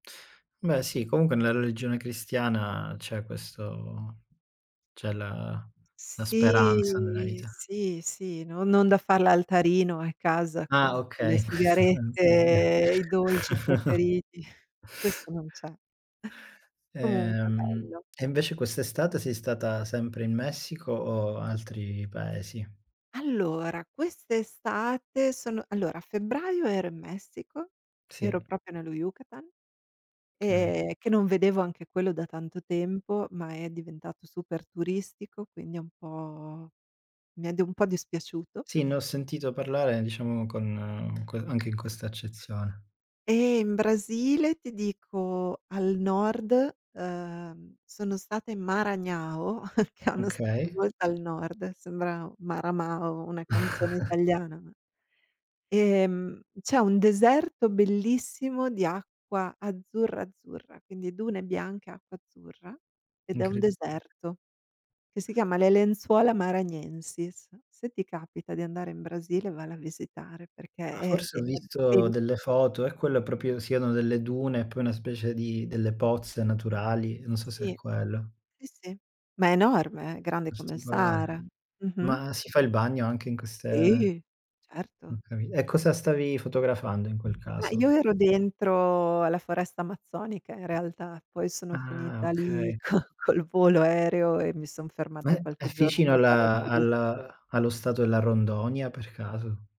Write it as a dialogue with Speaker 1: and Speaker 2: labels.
Speaker 1: Beh sì, comunque nella religione cristiana c'è questo c'è la la speranza nella
Speaker 2: Sì,
Speaker 1: vita.
Speaker 2: sì, sì, non non da far l'altarino a casa
Speaker 1: Ah,
Speaker 2: con con
Speaker 1: okay,
Speaker 2: le
Speaker 1: in questo senso, sì.
Speaker 2: sigarette, i dolci preferiti, questo non c'è. Comunque
Speaker 1: Ehm,
Speaker 2: bello.
Speaker 1: e invece quest'estate sei stata sempre in Messico o altri paesi?
Speaker 2: Allora quest'estate sono allora a febbraio ero in Messico, ero
Speaker 1: Sì.
Speaker 2: proprio nello Yukatan,
Speaker 1: Okay.
Speaker 2: ehm, che non vedevo anche quello da tanto tempo, ma è diventato super turistico, quindi un po' mi è dov un po' dispiaciuto.
Speaker 1: Sì, ne ho sentito parlare diciamo con que anche in questa accezione.
Speaker 2: E in Brasile ti dico al nord, uhm, sono stata in Maranhão, che è uno stato
Speaker 1: Okay.
Speaker 2: molto al nord, sembra Maramao, una canzone italiana ma ehm, c'è un deserto bellissimo di acqua azzurra, azzurra, quindi dune bianche acqua azzurra ed è un
Speaker 1: Incredi
Speaker 2: deserto che si chiama Le lenzuola Maranhenses. Se ti capita di andare in Brasile, valla a visitare, perché
Speaker 1: Ah,
Speaker 2: è
Speaker 1: forse
Speaker 2: è
Speaker 1: ho
Speaker 2: è
Speaker 1: visto
Speaker 2: bel
Speaker 1: delle foto, è quello proprio siano delle dune, poi una specie di delle pozze naturali, non so se è
Speaker 2: Sì.
Speaker 1: quello.
Speaker 2: Sì, sì, ma è enorme, eh, grande come il
Speaker 1: Particolare.
Speaker 2: Sahara. Mh-mh.
Speaker 1: Ma si fa il bagno anche in queste
Speaker 2: Sì,
Speaker 1: ho
Speaker 2: certo.
Speaker 1: capi e
Speaker 2: Sì,
Speaker 1: cosa
Speaker 2: s
Speaker 1: stavi fotografando in quel
Speaker 2: Ma io
Speaker 1: caso?
Speaker 2: ero dentro alla foresta amazzonica in realtà, poi sono
Speaker 1: Ah,
Speaker 2: finita lì
Speaker 1: okay.
Speaker 2: co col volo aereo e mi son
Speaker 1: Ma
Speaker 2: fermata
Speaker 1: è è
Speaker 2: qualche giorno
Speaker 1: vicino a
Speaker 2: per fare la
Speaker 1: la
Speaker 2: turis
Speaker 1: al allo stato della Rondônia per caso?